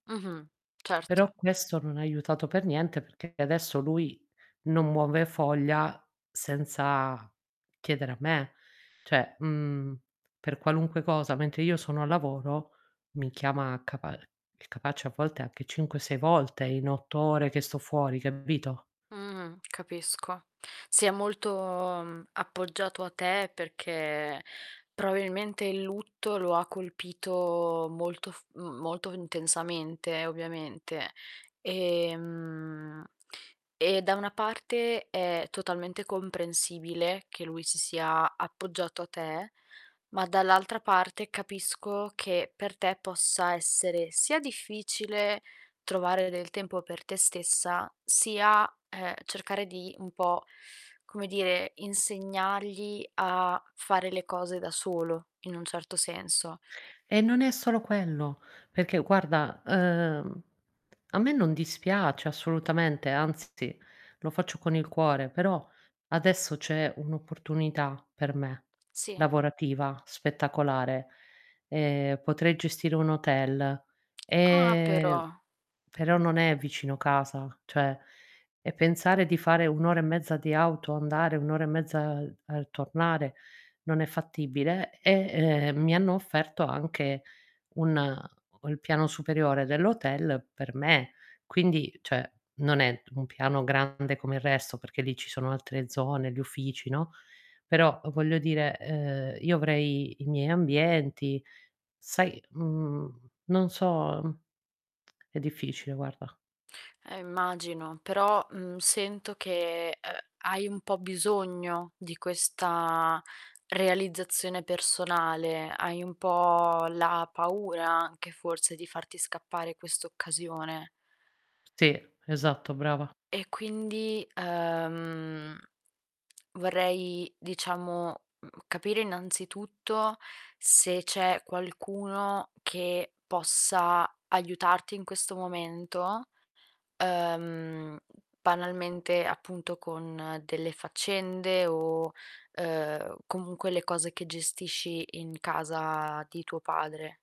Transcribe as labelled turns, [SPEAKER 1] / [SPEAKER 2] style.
[SPEAKER 1] Mh-mh.
[SPEAKER 2] Però
[SPEAKER 1] Certo.
[SPEAKER 2] questo non ha aiutato per niente perché adesso lui non muove foglia senza chiedere a me. Cioè, mhmm, per qualunque cosa, mentre io sono al lavoro, mi chiama capa è capace a volte anche 5, 6 volte in 8 ore che sto fuori, capito?
[SPEAKER 1] Mh-mh, capisco. Si è molto, mhmm, appoggiato a te perché probabilmente il lutto lo ha colpito molto f mhmm, molto intensamente, ovviamente. Ehm, e da una parte è totalmente comprensibile che lui si sia appoggiato a te, ma dall'altra parte, capisco che per te possa essere sia difficile trovare del tempo per te stessa sia, ehm, cercare di, un po', come dire, insegnargli a fare le cose da solo, in un certo senso.
[SPEAKER 2] E non è solo quello, perché guarda, uhm, a me non dispiace assolutamente, anzi lo faccio con il cuore, però adesso c'è un'opportunità per me,
[SPEAKER 1] Sì.
[SPEAKER 2] lavorativa, spettacolare. Ehm, potrei gestire un hotel,
[SPEAKER 1] Ah,
[SPEAKER 2] ehm,
[SPEAKER 1] però.
[SPEAKER 2] però non è vicino casa, cioè, e pensare di fare 1 ora e mezza di auto, andare 1 ora e mezza al al tornare non è fattibile. E, uhm, mi hanno offerto anche un ho il piano superiore dell'hotel per me, quindi, cioè, non è t un piano grande come il resto perché lì ci sono altre zone, gli uffici, no, però voglio dire, uhm, io avrei i miei ambienti. Sai, mhmm, non so, mhmm, è difficile guarda.
[SPEAKER 1] Eh, immagino. Però, mhmm, sento che, uhm, hai un po' bisogno di questa realizzazione personale, hai un po' la paura anche forse di farti scappare questa occasione.
[SPEAKER 2] Sì, esatto, brava.
[SPEAKER 1] E quindi, uhm, vorrei, diciamo, mhmm, capire innanzitutto se c'è qualcuno che possa aiutarti in questo momento, uhm, banalmente appunto, con delle faccende o, uhm, comunque le cose che gestisci in casa di tuo padre.